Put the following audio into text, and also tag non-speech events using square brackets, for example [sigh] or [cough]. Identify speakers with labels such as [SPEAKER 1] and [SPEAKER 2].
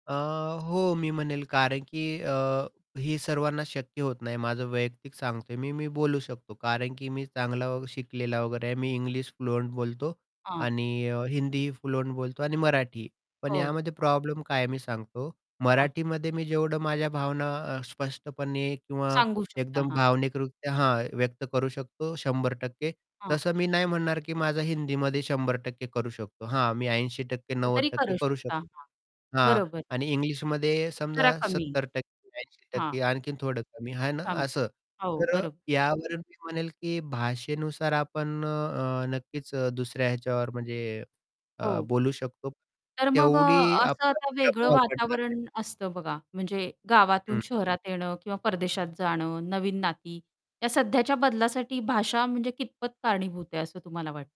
[SPEAKER 1] अ, हो मी म्हणेल, कारण की अ, ही सर्वांना शक्य होत नाही माझं वैयक्तिक सांगतोय मी, मी बोलू शकतो. कारण की मी चांगला शिकलेला वगैरे आहे. मी इंग्लिश फ्लुअंट बोलतो
[SPEAKER 2] हां.
[SPEAKER 1] आणि अ, हिंदी फ्लुअंट बोलतो आणि मराठीही, पण
[SPEAKER 2] हो.
[SPEAKER 1] यामध्ये प्रॉब्लेम काय आहे, मी सांगतो.
[SPEAKER 2] हां.
[SPEAKER 1] मराठीमध्ये मी जेवढं माझ्या भावना अ, स्पष्टपणे किंवा
[SPEAKER 2] सांगू शकता,
[SPEAKER 1] एकदम
[SPEAKER 2] हां.
[SPEAKER 1] भावनिकरित्या हां, व्यक्त करू शकतो 100%
[SPEAKER 2] हां.
[SPEAKER 1] तसं मी नाही म्हणणार, की माझा हिंदीमध्ये 100% करू शकतो. हां, मी 80% नव्वद
[SPEAKER 2] तरी
[SPEAKER 1] टक्के
[SPEAKER 2] करू
[SPEAKER 1] करू
[SPEAKER 2] शकता.
[SPEAKER 1] शकतो.
[SPEAKER 2] हां,
[SPEAKER 1] हां
[SPEAKER 2] बरोबर.
[SPEAKER 1] आणि इंग्लिशमध्ये समजा
[SPEAKER 2] जरा कमी.
[SPEAKER 1] सत्तर टक्के ऐंशी
[SPEAKER 2] हा.
[SPEAKER 1] टक्के आणखीन थोडं कमी आहे ना,
[SPEAKER 2] थाम
[SPEAKER 1] असं.
[SPEAKER 2] हो,
[SPEAKER 1] तर अ,
[SPEAKER 2] बरो
[SPEAKER 1] यावरून मी म्हणेल, की भाषेनुसार आपण अ, अ, नक्कीच अ, दुसऱ्या ह्याच्यावर म्हणजे अ,
[SPEAKER 2] हो.
[SPEAKER 1] बोलू शकतो
[SPEAKER 2] तर मग
[SPEAKER 1] तेवढी
[SPEAKER 2] अ, असं
[SPEAKER 1] आपला
[SPEAKER 2] आता
[SPEAKER 1] [unintelligible]
[SPEAKER 2] वेगळं
[SPEAKER 1] प्रभाव पडणार नाही.
[SPEAKER 2] वातावरण असतं बघा. म्हणजे गावातून
[SPEAKER 1] हं.
[SPEAKER 2] शहरात येणं किंवा परदेशात जाणं, नवीन नाती. या सध्याच्या बदलासाठी भाषा म्हणजे कितपत कारणीभूत आहे, असं तुम्हाला वाटतं?